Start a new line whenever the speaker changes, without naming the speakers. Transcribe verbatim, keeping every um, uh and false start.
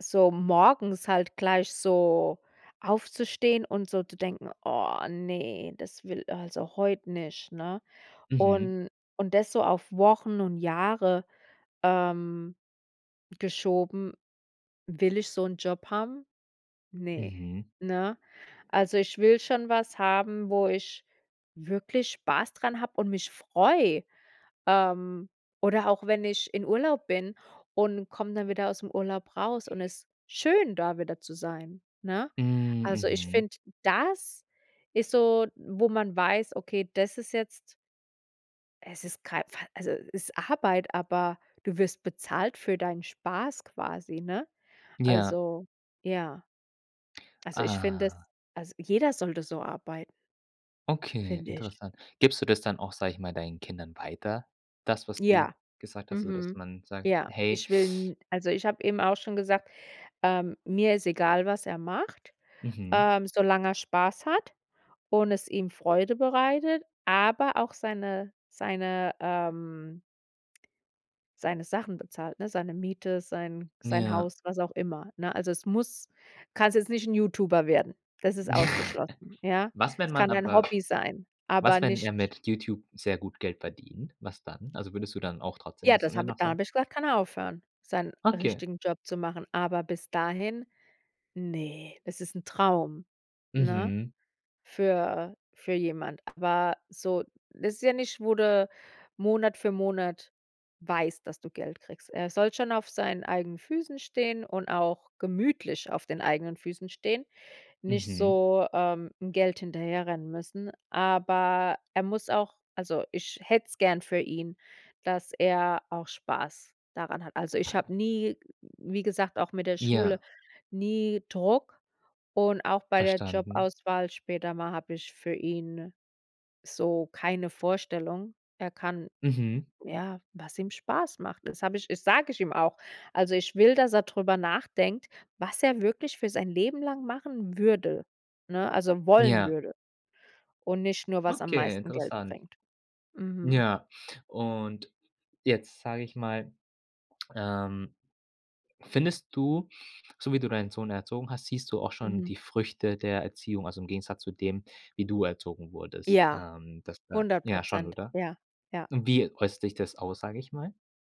So morgens halt gleich so aufzustehen und so zu denken: „Oh ne, das will also heut nicht”, ne?
Mhm.
Und und das so auf Wochen und Jahre, ähm, geschoben. Will ich so 'n Job haben? Ne,
Mhm.
ne? Also ich will schon was haben, wo ich wirklich Spaß dran hab und mich freu. Ähm, oder auch wenn ich in Urlaub bin und komm dann wieder ausm Urlaub raus und ist schön, da wieder zu sein, ne?
Mhm,
Also, ich
mhm.
find, das ist so, wo man weiß: „Okay, das ist jetzt Es ist kei Fall also, ist Arbeit, aber du wirst bezahlt für deinen Spaß quasi, ne?“
Ja.
Also, ja Also ich finde es
Aha.
als jeder sollte so arbeit
Okay,
find' ich.
interessant. Gibst du das dann auch, sag ich mal, deinen Kindern weiter? Das, was du
Ja,
gesagt hast, so dass
mhm.
man sagt:
Ja,
„Hey”
ich will n also ich hab eben auch schon gesagt, ähm, mir ist egal, was er macht,
Mhm.
ähm, solange er Spaß hat und es ihm Freude bereitet, aber auch seine seine, ähm seine Sachen bezahlt, ne? Seine Miete, sein sein
Ja.
Haus, was auch immer, ne? Also, es muss kannst jetzt nicht 'n Youtuber werden. Das ist ausgeschlossen, ja.
Was, wenn
Es
man
kann dein
aber
Hobby sein, aber
was, wenn er
nicht
mit Youtube sehr gut Geld verdient? Was dann? Also, würdest du dann auch trotzdem
Ja,
das
das
immer
hab
noch
da
sagen?
hab ich gesagt, kann er aufhören, seinen
Okay.
richtigen Job zu machen. Aber bis dahin, ne, das ist Traum, ne?
Mhm.
Für für jemand. Aber so, das ist ja nicht, wo du Monat für Monat weißt, dass du Geld kriegst. Er soll schon auf seinen eigenen Füßen stehen und auch gemütlich auf den eigenen Füßen stehen, nicht
Mhm.
so, ähm, Geld hinterherrennen müssen. Aber er muss auch- also ich hätt's gern für ihn- dass er auch Spaß daran hat. Also ich hab nie wie gesagt, auch mit der Schule,
Ja.
nie Druck und auch bei der
Verstanden.
Jobauswahl später mal hab ich für ihn so keine Vorstellung. Er kann
Mhm.
ja, was ihm Spaß macht. Das hab ich das sag ich ihm auch. Also ich will, dass er drüber nachdenkt, was er wirklich für sein Leben lang machen würde, ne? Also wollen
Ja.
würde. Und nicht nur, was am
Okay,
meisten Geld
interessant.
bringt. Mhm.
Ja, und jetzt sag ich mal, ähm, findest du, so wie du deinen Sohn erzogen hast, siehst du auch schon
Mhm.
die Früchte der Erziehung, also im Gegensatz zu dem, wie du erzogen wurdest?
Ja,
Ähm, das wär
hundert
ja schon,
Prozent.
oder?
Ja, ja.
Und wie äußt sich das aus, sag ich mal?